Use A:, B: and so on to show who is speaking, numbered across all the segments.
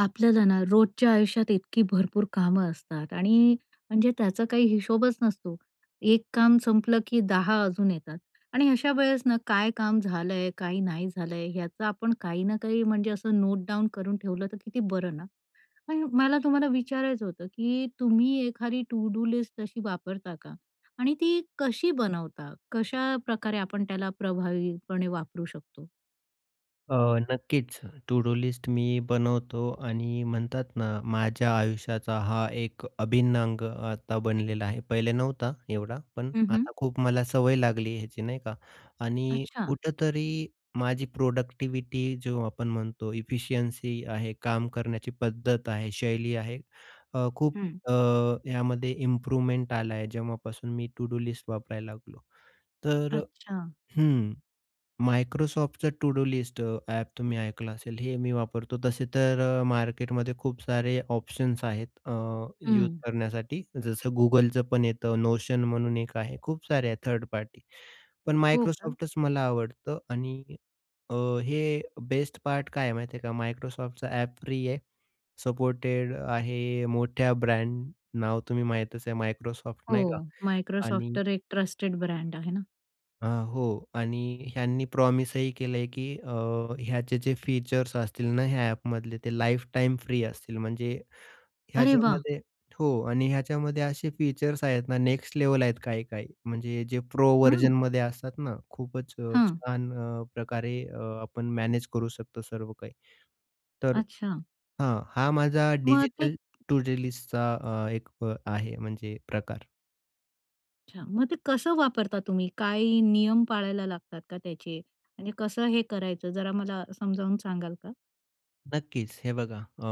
A: आपल्याला ना रोजच्या आयुष्यात इतकी भरपूर कामं असतात आणि म्हणजे त्याचा काही हिशोबच नसतो. एक काम संपलं, की 10 अजून येतात. आणि अशावेळेस ना काय काम झालं आहे? काय नाही झालं आहे? याचा आपण काही ना काही म्हणजे असं नोटडाउन करून ठेवलं तर किती बरं ना. आणि मला तुम्हाला विचारायचं होतं, की तुम्ही एखादी टू-डू लिस्ट तशी वापरता का? आणि ती कशी बनवता? कशा प्रकारे आपण त्याला प्रभावीपणे वापरू शकतो?
B: अ, नक्कीच. टू-डू लिस्ट मी बनवतो आणि म्हणतात ना माझ्या आयुष्याचा हा एक अभिन्न अंग आता बनलेला आहे. पहिले नव्हता एवढा पण
A: हं, हं.
B: आता खूप मला सवय लागली ह्याची. नाही का आणि
A: अच्छा.
B: कुठेतरी माझी प्रोडक्टिविटी जो आपण म्हणतो इफिशियन्सी आहे, काम करण्याची पद्धत आहे, शैली आहे. अ, खूप
A: हं.
B: अ, यामध्ये इम्प्रूवमेंट आला आहे जेव्हापासून मी टू-डू लिस्ट वापरायला लागलो. तर अ
A: अच्छा.
B: हं, Microsoftचा टू डू लिस्ट अ, ॲप तुम्ही ऐकलं असेल हे मी वापरतो. तसे तर अ, मार्केटमध्ये खूप सारे ऑप्शन्स आहेत अ, यूज
A: हं.
B: करण्यासाठी जसं Googleचंपण येतं. Notion म्हणून एक आहे. खूप सारे आहे थर्ड पार्टी. पण
A: हो का?
B: Microsoftच मला आवडतं आणि अ, हे बेस्ट पार्ट काय आहे माहिती आहे का? Microsoftचा ॲप फ्री आहे. सपोर्टेड आहे. मोठ्या ब्रँड नाव, तुम्ही माहीतच आहे Microsoft
A: हो.
B: नाही का
A: Microsoft
B: आणि
A: तर एक ट्रस्टेड ब्रँड आहे ना.
B: अ, हो आणि ह्यांनी प्रॉमिसही केलंय की अ, ह्याचे जे फीचर्स असतील ना ह्या ॲपमधले ते लाईफटाईम फ्री असतील, म्हणजे
A: अरे, वाह!
B: ह्याच्यामध्ये हो, आणि ह्याच्यामध्ये असे फीचर्स आहेत ना, नेक्स्ट लेव्हल आहेत काही-काही. म्हणजे जे प्रो
A: हं.
B: व्हर्जनमध्ये असतात ना, खूपच अ,
A: हं.
B: छान अ, प्रकारे अ, आपण मॅनेज करू शकतो सर्व काही. तर
A: अच्छा.
B: हां. हा माझा
A: मग ते
B: डिजिटल टू-डू लिस्टचा अ, एक आहे म्हणजे प्रकार.
A: अच्छा. मग ते कसं वापरता तुम्ही? काय नियम पाळायला लागतात का त्याचे आणि कसं हे करायचं जरा मला समजावून सांगाल का?
B: नक्कीच. हे बघा अ,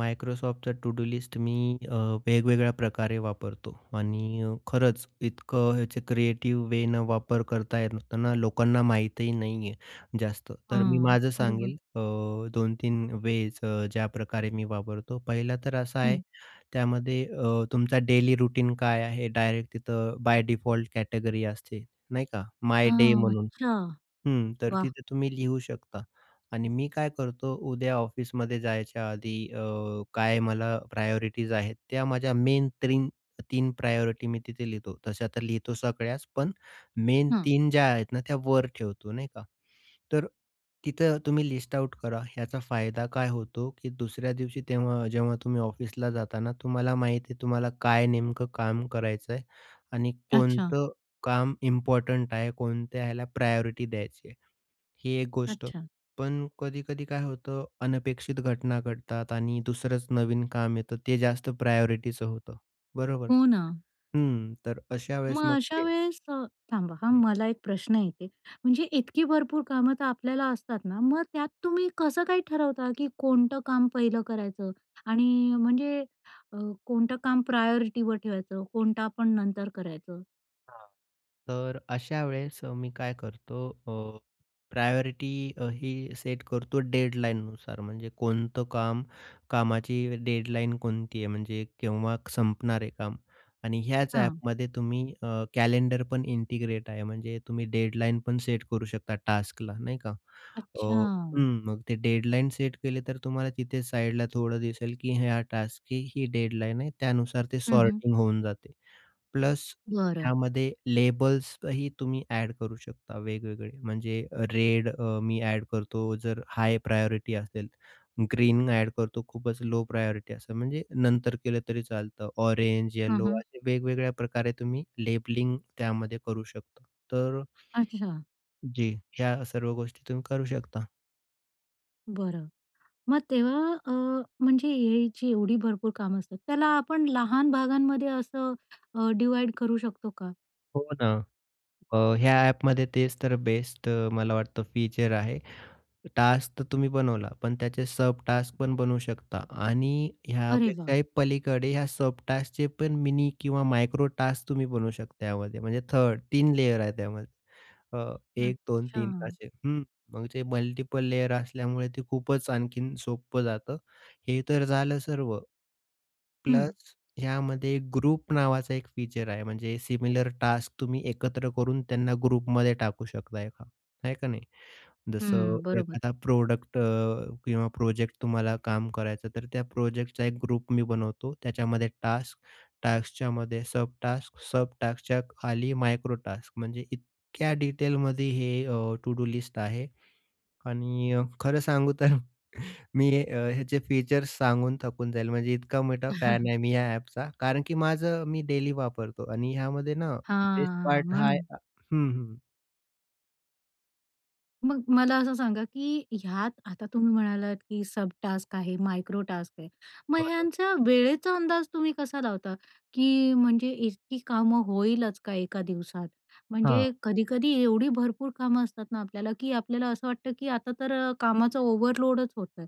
B: Microsoftचा टू-डू लिस्ट मी अ, वेगवेगळ्या प्रकारे वापरतो. आणि अ, खरंच इतकं याचे क्रिएटिव्ह वेनं वापर करता येते ना. लोकांना माहीतही नाही आहे जास्त. तर मी
A: हां.
B: माझं
A: बरोबर.
B: सांगेल, अ, 2-3 वेज ज्याप्रकारे मी वापरतो, पहिला तर असा आहे
A: हं.
B: त्यामध्ये अ, तुमचा डेली रूटीन काय आहे डायरेक्ट तिथं बाय डिफॉल्ट कॅटेगरी असते नाही का? माय डे
A: हां.
B: म्हणून.
A: अच्छा.
B: हं, तर
A: वाह!
B: तिथे तुम्ही लिहू शकता. आणि मी काय करतो? उद्या ऑफिसमध्ये जायच्या आधी अ, काय मला प्रायोरिटीज आहेत, त्या माझ्या मेन 3-3 प्रायोरिटी मी तिथे लिहितो. तशा तर लिहितो सगळ्याच. पण मेन
A: हं.
B: 3 ज्या आहेत ना त्या वर ठेवतो नाही का? तर तिथं तुम्ही लिस्ट आउट करा. याचा फायदा काय होतो की दुसऱ्या दिवशी तेव्हा जेव्हा तुम्ही ऑफिसला जाताना तुम्हाला माहीती आहे, तुम्हाला काय नेमकं काम करायचं आहे आणि
A: अच्छा.
B: कोणतं काम इम्पोर्टंट आहे? कोणत्या ह्याला प्रायोरिटी द्यायची आहे ही एक गोष्ट.
A: अच्छा.
B: पण कधी-कधी काय होतं अनपेक्षित घटना घडतात आणि दुसरंच नवीन काम येतं, ते जास्त प्रायोरिटीचं होतं बरोबर.
A: हो ना.
B: हं. तर अशा वेळेस
A: मग
B: मग
A: अशा
B: ते
A: वेळेस अ, ...थांबा हं,
B: हं.
A: मला एक प्रश्न येते, म्हणजे इतकी भरपूर कामं तर आपल्याला असतात ना मग त्यात तुम्ही कसं काही ठरवता की कोणतं काम पहिलं करायचं आणि म्हणजे अ, कोणतं काम प्रायोरिटीवर ठेवायचं, कोणतं आपण नंतर करायचं?
B: हां, तर अशा वेळेस अ, मी काय करतो अ, प्रायोरिटी अ, ही सेट करतो डेडलाईननुसार म्हणजे, कोणतं काम कामाची डेडलाईन कोणती आहे म्हणजे केव्हा संपणार आहे काम आणि ह्याच
A: हां.
B: ॲपमध्ये तुम्ही अ, कॅलेंडर पण इंटिग्रेट आहे, म्हणजे तुम्ही डेडलाईन पण सेट करू शकता टास्कला नाही का. अ,
A: अच्छा.
B: हं. मग ते डेडलाईन सेट केले तर तुम्हाला तिथे साईडला थोडं दिसेल की हा टास्कची ही डेडलाईन आहे. त्यानुसार ते
A: हं, हं.
B: सॉर्टिंग होऊन जाते प्लस
A: बरं.
B: त्यामध्ये लेबल्सही तुम्ही ॲड करू शकता वेगवेगळे म्हणजे, रेड अ, मी ॲड करतो, जर हाय प्रायोरिटी असेल, ग्रीन ॲड करतो, खूपच लो प्रायोरिटी असतं, म्हणजे नंतर केलं तरी चालतं ऑरेंज,
A: हं,
B: यलो
A: हं.
B: असे वेगवेगळ्या प्रकारे तुम्ही लेबलिंग त्यामध्ये करू शकतो. तर
A: अच्छा.
B: जी, ह्या सर्व गोष्टीतून करू शकता.
A: बरं, मग तेव्हा अ, म्हणजे एआयची एवढी भरपूर कामं असतात त्याला आपण लहान भागांमध्ये असं अ, डिव्हाईड करू शकतो का?
B: हो ना. अ, ह्या अ‍ॅपमध्ये तेच तर बेस्ट मला वाटतं फीचर आहे. टास्क तर तुम्ही बनवला पण त्याचे सबटास्क पण बनवू शकता. आणि
A: अरे वाह!
B: यापेक्षाही पलीकडे या सबटास्कचे पण मिनी किंवा मायक्रोटास्क तुम्ही बनवू शकता यामध्ये. म्हणजे 3rd 3 लेयर आहे त्यामध्ये अ, 1, 2, 3
A: अच्छा.
B: असे. मग जे मल्टिपल लेयर असल्यामुळे ते खूपच आणखीन सोपं जातं. हे तर झालं सर्व,
A: हं.
B: प्लस ह्यामध्ये ग्रुप नावाचा एक फीचर आहे. म्हणजे सिमिलर टास्क तुम्ही एकत्र करून त्यांना ग्रुपमध्ये टाकू शकता एका, आहे का नाही. जसं
A: हं, बरोबर.
B: एखादा प्रॉडक्ट अ, किंवा प्रोजेक्ट तुम्हाला काम करायचं, तर त्या प्रोजेक्टचा एक ग्रुप मी बनवतो. त्याच्यामध्ये टास्क टास्कच्यामध्ये सबटास्क, सबटास्कच्या खाली मायक्रोटास्क म्हणजे इतक्या डिटेलमध्ये हे अ, टू डू लिस्ट आहे. आणि अ, खरं सांगू तर, मी अ, ह्याचे फीचर्स सांगून थकून जाईल म्हणजे इतका मोठा फॅन आहे मी या अ‍ॅपचा. कारण की माझं मी डेली वापरतो आणि ह्यामध्ये ना बेस्ट
A: हां.
B: पार्ट हा आहे
A: म्हणून.
B: हं, हं.
A: मग मला असं सांगा, की ह्यात आता तुम्ही म्हणालात, की सब-टास्क आहे मायक्रो-टास्क आहे. मग
B: बरं.
A: ह्यांचा वेळेचा अंदाज तुम्ही कसा लावता, की म्हणजे इतकी कामं होईलच का एका दिवसात? म्हणजे
B: हां.
A: कधी-कधी एवढी भरपूर कामं असतात ना आपल्याला, की आपल्याला असं वाटतं, की आता तर अ, कामाचा ओव्हरलोडच होतंय.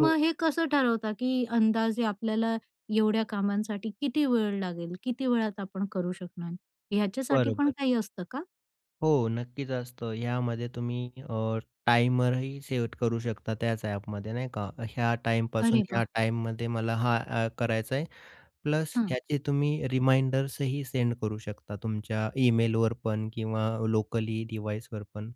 B: हो.
A: हे कसं ठरवता, की अंदाजे आपल्याला एवढ्या कामांसाठी किती वेळ लागेल? किती वेळात आपण करू शकणार? ह्याच्यासाठी पण
B: बरोबर.
A: काही असतं का?
B: हो, नक्कीच असतं. ह्यामध्ये तुम्ही अ, टाइमरही सेट करू शकता त्याच ॲपमध्ये. नाही का? ह्या टाईमपासून
A: अरे
B: ह्या
A: वाह!
B: टाईममध्ये मला हा अ, करायचा आहे. प्लस
A: हं.
B: ह्याची तुम्ही रिमाइंडर्सही सेंड करू शकता तुमच्या ईमेलवर पण किंवा लोकली डिव्हाइसवर पण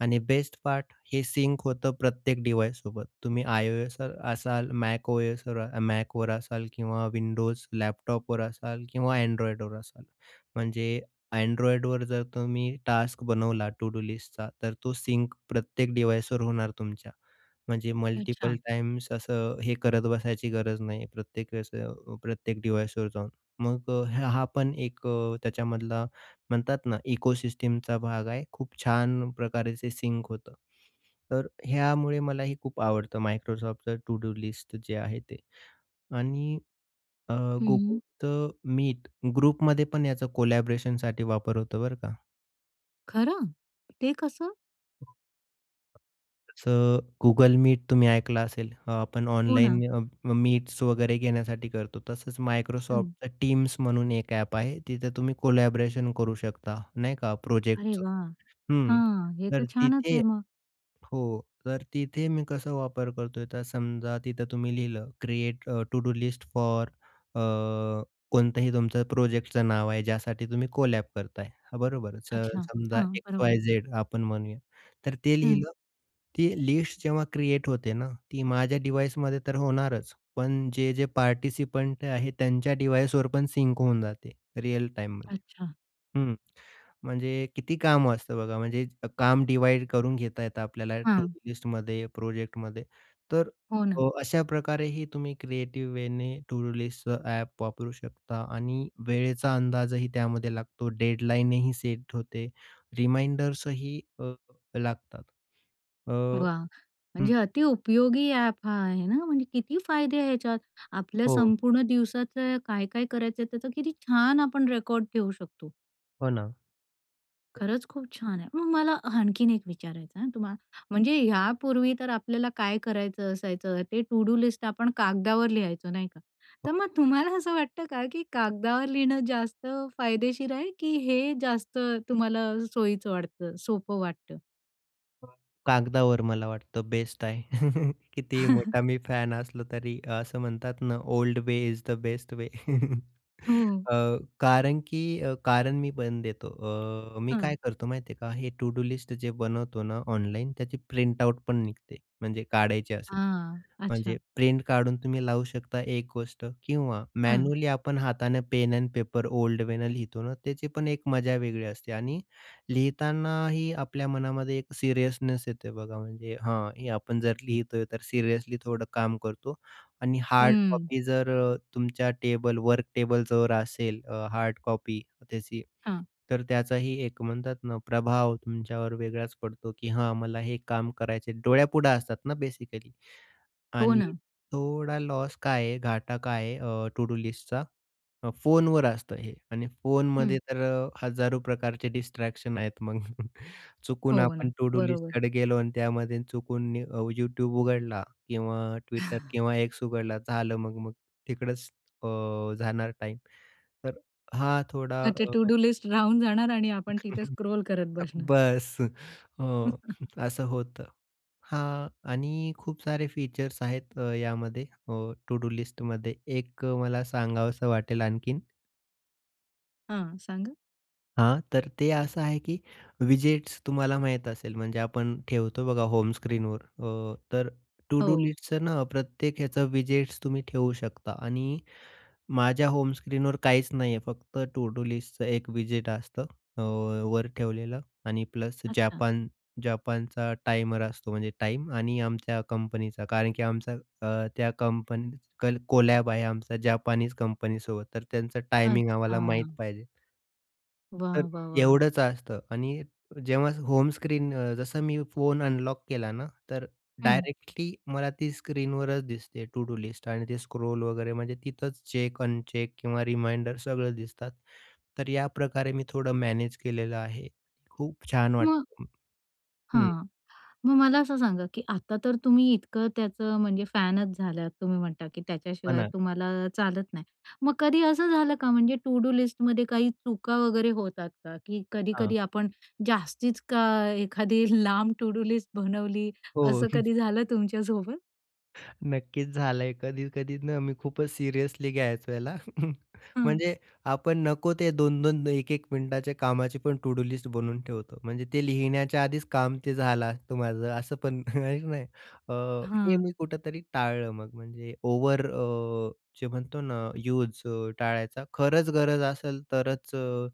B: आणि बेस्ट पार्ट हे सिंक होतं प्रत्येक डिव्हाइससोबत. तुम्ही iOSवर असाल, MacOS Macवर असाल किंवा Windows लॅपटॉपवर असाल किंवा Androidवर असाल, म्हणजे Androidवर जर तुम्ही टास्क बनवला टू-डू लिस्टचा, तर तो सिंक प्रत्येक डिव्हाइसवर होणार तुमच्या. म्हणजे मल्टिपल
A: अच्छा.
B: टाईम्स असं हे करत बसायची गरज नाही प्रत्येक वेळेस अ, प्रत्येक डिव्हाइसवर जाऊन. मग अ, ह हा पण एक अ, त्याच्यामधला म्हणतात ना इकोसिस्टमचा भाग आहे. खूप छान प्रकारे ते सिंक होतं. तर ह्यामुळे मलाही खूप आवडतं Microsoftचं टू-डू लिस्ट जे आहे ते. आणि अ,
A: हं, हं.
B: Googleचं Meet ग्रुपमध्ये पण याचा कोलॅबरेशनसाठी वापर होतो बरं का.
A: खरं? ते कसं?
B: तसं Google मीट तुम्ही ऐकलं असेल. आपण
A: हो
B: ऑनलाईन
A: ना.
B: अ, मीट्स वगैरे घेण्यासाठी करतो तसंच
A: हं.
B: Microsoftचं टीम्स म्हणून एक ॲप आहे तिथं तुम्ही कोलॅबोरेशन करू शकता नाही का?
A: अरे
B: प्रोजेक्टचं.
A: वाह!
B: हं
A: हं. हे तर
B: तर
A: छानच
B: तिथे
A: आहे मग.
B: हो तर तिथे मी कसा वापर करतोय? तर समजा तिथं तुम्ही लिहिलं create to do list for a, कोणताही तुमचा प्रोजेक्टचं नाव आहे. ज्यासाठी तुम्ही कोलॅब करताय हां, बरोबर तर
A: अच्छा.
B: समजा
A: हां, बरोबर.
B: एक्स-वाय-झेड आपण म्हणूया. तर ते
A: हं.
B: लिहिलं, ती लिस्ट जेव्हा क्रिएट होते ना, ती माझ्या डिव्हाइसमध्ये तर होणारच पण जे-जे पार्टिसिपंट आहेत त्यांच्या डिव्हाइसवर पण सिंक होऊन जाते रिअल टाईममध्ये
A: अच्छा.
B: हं. म्हणजे किती कामं असतं बघा, म्हणजे काम डिव्हाईड करून घेता येतं आपल्याला,
A: हां.
B: टूडू लिस्टमध्ये, प्रोजेक्टमध्ये. तर
A: हो ना.
B: अ, अशाप्रकारेही तुम्ही क्रिएटिव्ह वेने टूडू लिस्टचं ॲप वापरू शकता आणि वेळेचा अंदाजही त्यामध्ये लागतो, डेडलाईनही सेट होते, रिमाइंडर्सही अ, लागतात. अ,
A: वाह!
B: हं.
A: म्हणजे अति उपयोगी ॲप हा आहे ना, म्हणजे किती फायदे आहेत याच्यात. आपल्या
B: हो.
A: संपूर्ण दिवसाचं काय-काय करायचंय? त्याचा किती छान आपण रेकॉर्ड ठेवू शकतो.
B: हो ना.
A: खरंच खूप छान आहे. मग मला अ, हं आणखीन एक विचारायचं आहे हं तुम्हाला. म्हणजे ह्यापूर्वी तर आपल्याला काय करायचं असायचं ते टू-डू लिस्ट आपण कागदावर लिहायचो नाही का? तर मग तुम्हाला असं वाटतं का की कागदावर लिहणं जास्त फायदेशीर आहे की हे जास्त तुम्हाला सोयीचं वाटतं, सोपं वाटतं?
B: कागदावर मला वाटतं बेस्ट आहे. कितीही मोठा मी फॅन असलो तरी, असं म्हणतात ना old way is the best way.
A: हो.
B: अ, कारण की अ, कारण मी पण देतो. अ, मी
A: हं.
B: काय करतो माहिती आहे का, हे टू-डू लिस्ट जे बनवतो ना ऑनलाईन, त्याची प्रिंट आउट पण निघते, म्हणजे काढायची असेल.
A: हां,
B: म्हणजे
A: अच्छा.
B: प्रिंट काढून तुम्ही लावू शकता एक गोष्ट किंवा
A: हं.
B: मॅन्युअली आपण हातानं पेन अन पेपर ओल्ड वेनं लिहितो ना त्याची पण एक मजा वेगळी असते आणि लिहितानाही आपल्या मनामध्ये एक सीरीयसनेस येतंय बघा म्हणजे हां, हे आपण जर लिहितोय तर सिरीयसली थोडं काम करतो आणि हार्ड
A: हं.
B: कॉपी जर अ, तुमच्या टेबल वर्क टेबलवर असेल अ, हार्ड कॉपी त्याची,
A: हां.
B: तर त्याचाही एक म्हणतात ना प्रभाव तुमच्यावर वेगळाच पडतो की हां, मला हे काम करायचं आहे. डोळ्यापुढं असतात ना बेसिकली
A: हो
B: आणि
A: ना.
B: थोडा लॉस काय आहे, घाटा काय आहे अ, टू-डू लिस्टचा, अ, फोनवर असतं हे आणि फोनमध्ये
A: हं.
B: तर अ, हजारो प्रकारचे डिस्ट्रॅक्शन आहेत. मग चुकून
A: हो
B: आपण
A: ना.
B: टू-डू
A: बरोबर.
B: लिस्टकडे गेलो आणि त्यामध्ये चुकून अ, YouTube उघडला किंवा Twitter किंवा X उघडला, झालं मग-मग तिकडंच अ, जाणार टाईम. तर हां, थोडा
A: मग ते
B: अ
A: टू-डू लिस्ट राहून जाणार आणि आपण तिथे स्क्रोल करत बसणार.
B: बस अ, असं होतं. हां आणि खूप सारे फीचर्स आहेत अ, यामध्ये अ, टू-डू लिस्टमध्ये. एक मला सांगावसं वाटेल आणखीन.
A: हां, सांगा.
B: हां. तर ते असं आहे की व्हिजिट्स तुम्हाला माहीत असेल, म्हणजे आपण ठेवतो बघा होम स्क्रीनवर अ, तर टू डू
A: हो.
B: लिस्टचं ना, प्रत्येक ह्याचं व्हिजिट्स तुम्ही ठेवू शकता. आणि माझ्या होम स्क्रीनवर काहीच नाही आहे फक्त टू डू लिस्टचं एक व्हिजिट असतं. अ, वर ठेवलेलं आणि प्लस
A: अच्छा.
B: जापान जापानचा टायमर असतो म्हणजे टाईम आणि आमच्या कंपनीचा. कारण की आमचा अ, त्या कंपनी कल कोलॅब आहे आमचा जापानीज कंपनीसोबत तर त्यांचं टायमिंग आम्हाला माहीत
A: अच्छा.
B: पाहिजे. तर
A: वाह, वाह, वाह!
B: एवढंच असतं. आणि जेव्हा होम स्क्रीन अ, जसं मी फोन अनलॉक केला ना, तर
A: हं.
B: डायरेक्टली मला ती स्क्रीनवरच दिसते टू डू लिस्ट आणि ते स्क्रोल वगैरे म्हणजे तिथंच चेक, अनचेक किंवा रिमाइंडर सगळं दिसतात. तर याप्रकारे मी थोडं मॅनेज केलेलं आहे. खूप छान
A: म
B: वाटतं. हं.
A: हां. मग मला असं सांगा? की आता तर तुम्ही इतकं त्याचं म्हणजे फॅनच झालात तुम्ही म्हणता की
B: हो
A: त्याच्याशिवाय
B: ना.
A: तुम्हाला चालत नाही. मग कधी असं झालं का? म्हणजे तो टू डू लिस्टमध्ये काही चुका वगैरे होतात का? की
B: हां.
A: कधी-कधी आपण जास्तीच का एखादी लांब टू डू लिस्ट बनवली,
B: हो.
A: असं कधी झालं तुमच्यासोबत?
B: नक्कीच, झालंय कधी-कधी ना, मी खूपच सिरियसली घ्यायचो ह्याला.
A: हं.
B: म्हणजे आपण नको ते 2-2 1-1 मिनिटांच्या कामाची पण टू-डू लिस्ट बनवून ठेवतो. म्हणजे ते लिहिण्याच्या आधीच काम ते झालं असतं माझं असं पण आहे की नाही. अ, हे
A: हां.
B: मी कुठेतरी टाळलं मग, म्हणजे ओव्हर अ, जे म्हणतो ना, यूज अ, टाळायचा. खरंच गरज असेल तरच अ,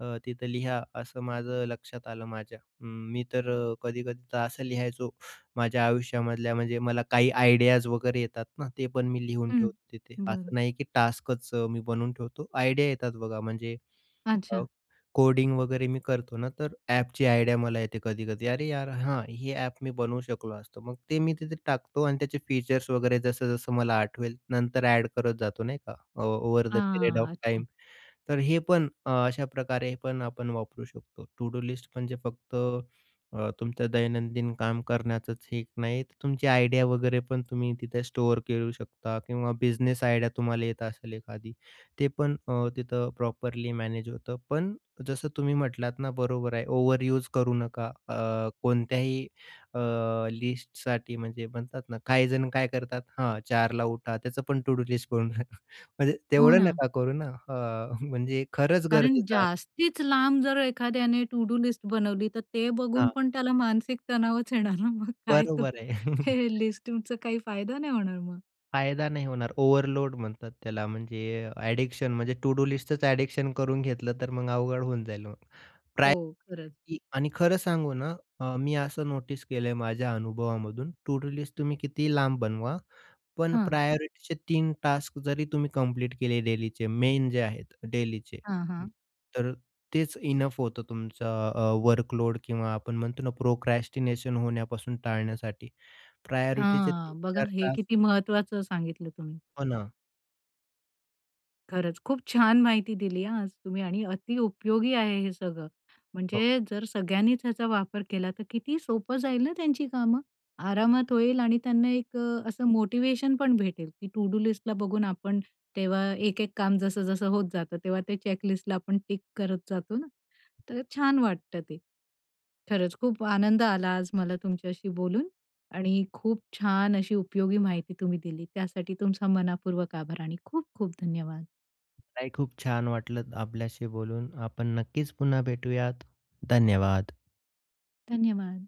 B: अ, तिथे लिहा असं माझं लक्षात आलं माझ्या. अ, मी तर अ, कधी-कधी तर असं लिहायचो माझ्या आयुष्यामधल्या म्हणजे मला काही आयडियाज वगैरे येतात ना, ते पण मी लिहून
A: हं.
B: ठेवतो तिथे
A: बरं.
B: असं नाही की टास्कच मी बनवून ठेवतो. आयडिया येतात बघा म्हणजे अ,
A: अच्छा.
B: कोडिंग वगैरे मी करतो ना, तर ॲपची आयडिया मला येते कधी-कधी. अरे, यार हां, ही ॲप मी बनवू शकलो असतो. मग ते मी तिथे टाकतो आणि त्याचे फीचर्स वगैरे जसं जसं मला आठवेल नंतर ॲड करत जातो नाही का. अ, ओव्हर द पिरियड ऑफ
A: हां, अच्छा.
B: टाईम. तर हे पण अ, अशा प्रकारे पण आपण वापरू शकतो. टू-डू लिस्ट म्हणजे फक्त अ, तुमच्या दैनंदिन काम करण्याचंच हे एक नाही, तर तुमची आयडिया वगैरे पण तुम्ही तिथे स्टोअर करू शकता किंवा बिझनेस आयडिया तुम्हाला येत असेल एखादी, ते पण अ, तिथे प्रॉपरली मॅनेज होतं. पण जसं तुम्ही म्हटलात ना, बरोबर आहे. ओव्हर यूज करू नका अ, कोणत्याही अ, लिस्टसाठी म्हणजे म्हणतात ना, काही जण काय करतात हां, 4 ला उठा त्याचं पण टू-डू लिस्ट करून ठेवतात. म्हणजे
A: हो
B: तेवढं
A: ना.
B: नका करू ना, हां, म्हणजे खरंच
A: कारण
B: गरजेचं
A: जास्तीच लांब जर एखाद्याने टू-डू लिस्ट बनवली तर ते बघून
B: हां.
A: पण त्याला मानसिक तणावच येणार ना. मग काय तो
B: बरोबर आहे.
A: ते लिस्टिंगचा तुमचा काही फायदा नाही होणार मग.
B: फायदा नाही होणार ओव्हरलोड म्हणतात त्याला म्हणजे अ, ॲडिक्शन म्हणजे टू-डू लिस्टच ॲडिक्शन करून घेतलं तर मग अवघड होऊन जाईल. मग
A: हो,
B: प्रायोरिटी
A: खरंच.
B: आणि खरं सांगू ना अ, मी असं नोटीस केलंय माझ्या अनुभवामधून टू-डू लिस्ट तुम्ही कितीही लांब बनवा पण
A: हां.
B: प्रायोरिटीचे 3 टास्क जरी तुम्ही कंप्लीट केले डेलीचे मेन जे आहेत डेलीचे
A: हां,
B: हं,
A: हां.
B: तर तेच इनअफ होतं तुमचं अ, वर्क लोड किंवा आपण म्हणतो ना प्रोक्रास्टिनेशन होण्यापासून टाळण्यासाठी प्रायोरिटीचे तीन
A: हां, बघा
B: चार
A: हे
B: तास
A: किती महत्त्वाचं सांगितलं तुम्ही.
B: हो ना.
A: खरंच खूप छान माहिती दिली हा आज तुम्ही आणि अति उपयोगी आहे हे सगळं.
B: हो.
A: म्हणजे जर सगळ्यांनीच ह्याचा वापर केला तर किती सोपं जाईल ना त्यांची कामं आरामात होईल आणि त्यांना एक अ, असं मोटिव्हेशन पण भेटेल, की टू-डू लिस्टला बघून आपण तेव्हा एक-एक काम जसं-जसं होत जातं तेव्हा ते चेक लिस्टला आपण टिक करत जातो ना, तर छान वाटतं ते. खरंच खूप आनंद आला आज मला तुमच्याशी बोलून आणि खूप छान अशी उपयोगी माहिती तुम्ही दिली त्यासाठी तुमचा मनःपूर्वक आभार आणि खूप-खूप धन्यवाद.
B: मलाही खूप छान वाटलं आपल्याशी बोलून. आपण नक्कीच पुन्हा भेटूयात. धन्यवाद.
A: धन्यवाद.